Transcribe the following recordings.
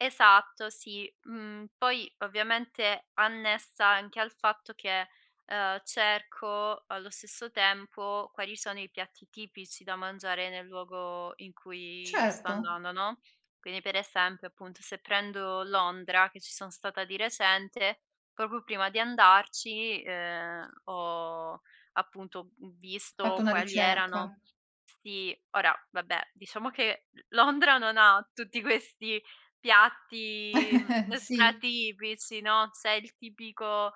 Esatto, sì. Mhmm, poi ovviamente annessa anche al fatto che, ehm, cerco allo stesso tempo quali sono i piatti tipici da mangiare, nel luogo in cui sto Certo. andando, no, quindi per esempio, appunto se prendo Londra, che ci sono stata di recente, proprio prima di andarci, ehm, ho appunto v Fatto visto una quali erano ricerca. sì, ora vabbè diciamo che l Londra non ha tutti questi piatti stra Sì. tipici, no, c'è il tipico,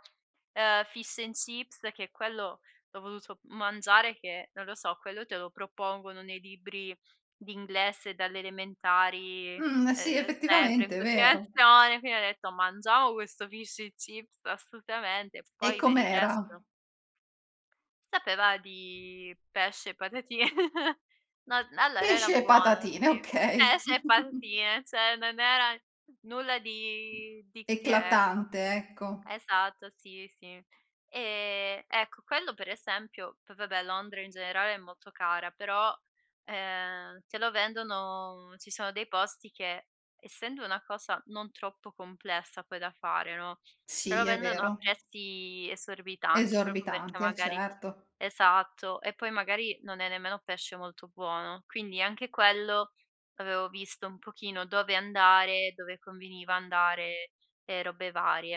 ehm fish and chips che è quello l'ho voluto m mangiare che, non lo so, quello te lo propongono nei libri d'inglese dalle elementari, Mhmm, sì, ehm, sempre in effettivamente è vero. continuazione. Quindi ho detto: "Mangiamo questo fish and chips, assolutamente". E Poi per il com'era? resto Sapeva di pesce, e patati no, n allora era Pesce e buono, patatine, sì okay. pesce e patatine, cioè non era nulla di di che, ecco. Eclatante, ecco. Esatto, sì, sì. E ecco quello per esempio poi vabbè Londra in generale è molto cara, però, ehm, te lo vendono ci sono dei posti che, essendo una cosa non troppo complessa poi da fare, no, te Sì, lo è vendono a vero. prezzi esorbitanti, proprio perché Esorbitanti, eh, magari certo. esatto, e poi magari non è nemmeno pesce molto buono. Quindi anche quello, avevo visto un pochino dove andare, dove conveniva andare e robe varie.